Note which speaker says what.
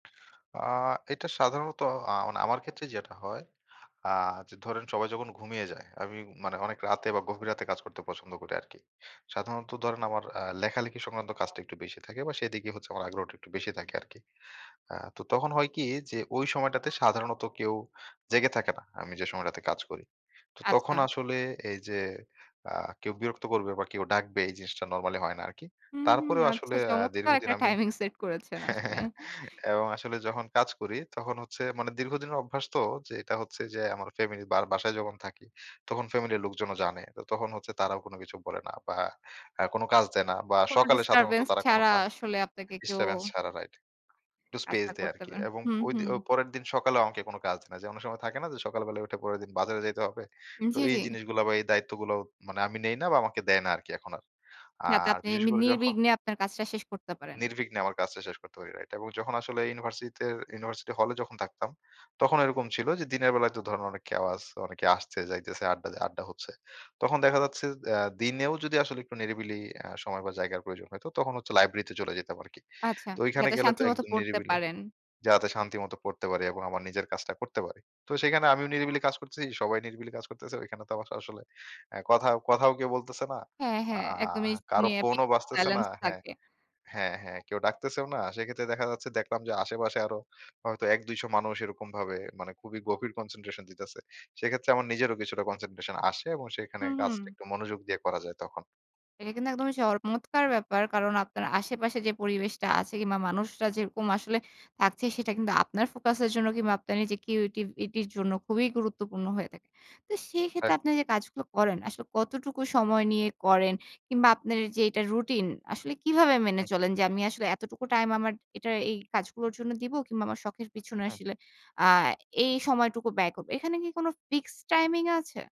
Speaker 1: আ এটা সাধারণত আ মানে আমার ক্ষেত্রে যেটা হয়। আ যে ধরেন সবাই যখন ঘুমিয়ে যায়, আমি মানে অনেক রাতে বা গভীর রাতে কাজ করতে পছন্দ করি আরকি। সাধারণত ধরেন আমার আ লেখালেখি সংক্রান্ত কাজটা একটু বেশি থাকে বা সেদিকে হচ্ছে আমার আগ্রহটা একটু বেশি থাকে আরকি। আ তো তখন হয় কি যে ওই সময় টাতে সাধারণত কেউ জেগে থাকে না। আমি যে সময়টাতে কাজ করি। তো তখন
Speaker 2: আচ্ছা।
Speaker 1: আসলে এই যে আ কেউ বিরক্ত করবে বা কেউ ডাকবে এই জিনিসটা নরমালি হয় না আরকি।
Speaker 2: হু, হু,
Speaker 1: তারপরেও
Speaker 2: আচ্ছা।
Speaker 1: আসলে আ
Speaker 2: চমৎকার
Speaker 1: দীর্ঘদিন
Speaker 2: একটা
Speaker 1: আমি
Speaker 2: টাইমিং সেট করেছেন আসলে।
Speaker 1: এবং আসলে যখন কাজ করি তখন হচ্ছে মানে দীর্ঘদিনের অভ্যাস তো, যে এটা হচ্ছে যে আমার ফ্যামিলি বার বাসায় যখন থাকি তখন ফ্যামিলির লোকজনও জানে। তো তখন হচ্ছে তারাও কোন কিছু বলে না। বা আ কোন কাজ দেয় না বা
Speaker 2: কোন
Speaker 1: সকালে সাধারণত
Speaker 2: ডিস্টার্বেন্স
Speaker 1: তারা কোন
Speaker 2: ছাড়া
Speaker 1: কা
Speaker 2: আসলে আপনাকে কেউ
Speaker 1: ডিস্টারেন্স ছাড়া রাইট। একটু স্পেস
Speaker 2: কাজটা
Speaker 1: দেয়
Speaker 2: করতে
Speaker 1: আরকি।
Speaker 2: হবে।
Speaker 1: এবং
Speaker 2: হু,
Speaker 1: ঐ
Speaker 2: হু।
Speaker 1: দি অ পরের দিন সকালেও আমাকে কোনো কাজ নাই। যে অনেক সময় থাকে না যে সকাল বেলায় উঠে পরের দিন বাজারে যাইতে হবে। তো
Speaker 2: জ্বী,
Speaker 1: এই
Speaker 2: জ্বী।
Speaker 1: জিনিসগুলা বা এই দায়িত্বগুলো মানে আমি নেই না বা আমাকে দেয় না আরকি এখন আর।
Speaker 2: যাতে
Speaker 1: আর
Speaker 2: আপনি
Speaker 1: বিশেষ
Speaker 2: এমনি
Speaker 1: করে যখন
Speaker 2: নির্বিঘ্নে আপনার কাজটা শেষ করতে পারেন।
Speaker 1: নির্বিঘ্নে আমার কাজটা শেষ করতে পারি, রাইট। এবং যখন আসলে ইউনিভার্সিটিতে ইউনিভার্সিটি হলে যখন থাকতাম। তখন এরকম ছিল যে দিনের বেলায় তো ধরেন অনেক কেওয়াজ, অনেকে আসছে যাইতেছে আড্ডা আড্ডা হচ্ছে। তখন দেখা যাচ্ছে অ্যা দিনেও যদি আসলে একটু নিরিবিলি আ সময় বা জায়গার প্রয়োজন হত, তখন হচ্ছে লাইব্রেরিতে চলে যেতাম আরকি।
Speaker 2: আচ্ছা,
Speaker 1: তো ঐখানে
Speaker 2: যাতে
Speaker 1: গেলে তো
Speaker 2: শান্তি মত
Speaker 1: একদম
Speaker 2: পড়তে
Speaker 1: নিরিবিলি।
Speaker 2: পারেন।
Speaker 1: যাতে শান্তি মত পড়তে পারি এবং আমার নিজের কাজটা করতে পারি। তো সেখানে আমিও নিরিবিলি কাজ করতেছি। সবাই নিরিবিলি কাজ করতেছে। ঐখানে তো আমাকে আসলে আ কথা কথাও কেউ বলতেছে না।
Speaker 2: হ্যাঁ,
Speaker 1: আ
Speaker 2: হ্যাঁ।
Speaker 1: আ
Speaker 2: একদমই
Speaker 1: কারো
Speaker 2: [unintelligible]
Speaker 1: ফোনও বাজতেছে না
Speaker 2: সাইলেন্স
Speaker 1: হ্যাঁ।
Speaker 2: থাকে।
Speaker 1: হ্যাঁ, হ্যাঁ। কেউ ডাকতেছেও না। সেক্ষেত্রে দেখা যাচ্ছে দেখলাম যে আশেপাশে আরো হয়তো ১-২০০ মানুষ এরকমভাবে মানে খুবই গভীর কনসেনট্রেশন দিতেছে। সেক্ষেত্রে আমার নিজেরও কিছুটা কনসেনট্রেশন আসে। এবং সেখানে
Speaker 2: হু, হুম।
Speaker 1: কাজটা একটু মনোযোগ দিয়ে করা যায় তখন।
Speaker 2: এটা কিন্তু একদমই চমৎকার ব্যাপার। কারণ আপনার আশেপাশে যে পরিবেশটা আছে কিংবা মানুষরা যেরকম আসলে থাকছে। সেটা কিন্তু আপনার ফোকাসের জন্য কিংবা আপনার নিজের কিউরেটিভিটির জন্য খুবই গুরুত্বপূর্ণ হয়ে থাকে। তো সেই ক্ষেত্রে আপনি
Speaker 1: একদম।
Speaker 2: যে কাজগুলো করেন, আসলে কতটুকু সময় নিয়ে করেন কিংবা আপনার যে এটা রুটিন আসলে কিভাবে
Speaker 1: হু।
Speaker 2: মেনে চলেন? যে আমি আসলে এতটুকু টাইম আমার এটা এই কাজগুলোর জন্য দিব, কিংবা আমার শখের পেছনে
Speaker 1: হু।
Speaker 2: আসলে আ এই সময়টুকু ব্যয় করব। এখানে কি কোন ফিক্সড টাইমিং আছে?